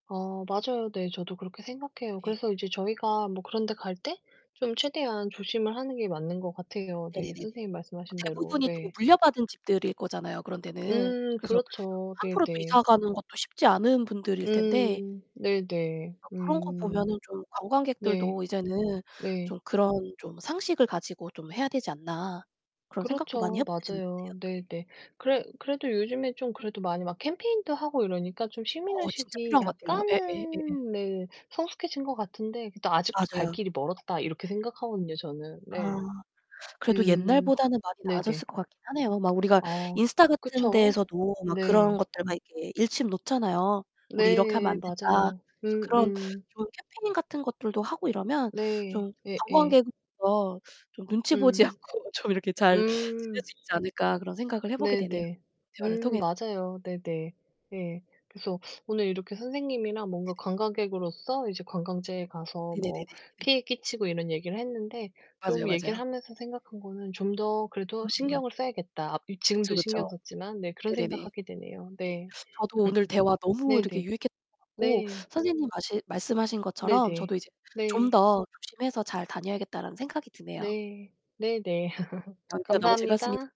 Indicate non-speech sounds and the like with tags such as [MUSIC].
아 맞아요. 네 저도 그렇게 생각해요. 예. 그래서 이제 저희가 뭐 그런 데 갈 때 좀 최대한 조심을 하는 게 맞는 거 같아요, 네. 네네네네. 선생님 말씀하신 대로 대부분이 또 네. 물려받은 집들일 거잖아요 그런 데는. 음 그래서 그렇죠. 함부로 또 네네. 이사 가는 것도 쉽지 않은 분들일 텐데 음 네네. 어 그런 거 음. 보면은 좀 네. '관광객들도 이제는 네. 좀 그런 좀 상식을 가지고 좀 해야 되지 않나.' 그런 생각도 많이 그렇죠. 해 보게 되는데요. 맞아요. 네. 네네. 그래 그래도 요즘에 좀 그래도 많이 막 캠페인도 하고 이러니까 좀 어 진짜 시민의식이 필요한 것 같아요. 예 예 예예. 약간은 네 성숙해진 것 같은데 그래도 '아직도 갈 맞아요. 길이 멀었다.' 이렇게 생각하거든요 저는 아, 네. 그래도 음 옛날보다는 많이 나아졌을 네네. 것 같긴 하네요. 막 우리가 아 인스타 같은 그쵸. 데에서도 막 그런 네. 것들 막 이렇게 일침 놓잖아요. "우리 이렇게 하면 네 안 된다." 맞아요. 그래서 그런 음음. 좋은 캠페인같은 것들도 하고 이러면 네 좀' 예예. 관광객으로서 좀 눈치 보지 음. 않고 좀 이렇게 잘 지낼 음. 수 있지 않을까.' 그런 생각을 해 보게 되네요 네네. 대화를 음 통해서. 맞아요. 네네. 예. 그래서 오늘 이렇게 선생님이랑 뭔가 네네. 관광객으로서 이제 관광지에 가서 네네네네 뭐 네. 피해 끼치고 이런 얘기를 했는데 좀 맞아요, 얘기를 맞아요. 하면서 생각한 거는 '좀 더 그래도 음음. 신경을 써야겠다.' 앞 이 지금도 그쵸, 그쵸. 신경 썼지만, 네 그런 네네네. 생각 하게 되네요. 예. 네. 저도 오늘 대화 [LAUGHS] 너무 이렇게 네네. 유익했던 것 같고 네. 선생님 마시 말씀하신 것처럼 '저도 네네. 이제 좀 네. 더 조심해서 잘 다녀야겠다.'라는 생각이 드네요. 네. 네네. [LAUGHS] 어 대화 너무 감사합니다. 즐거웠습니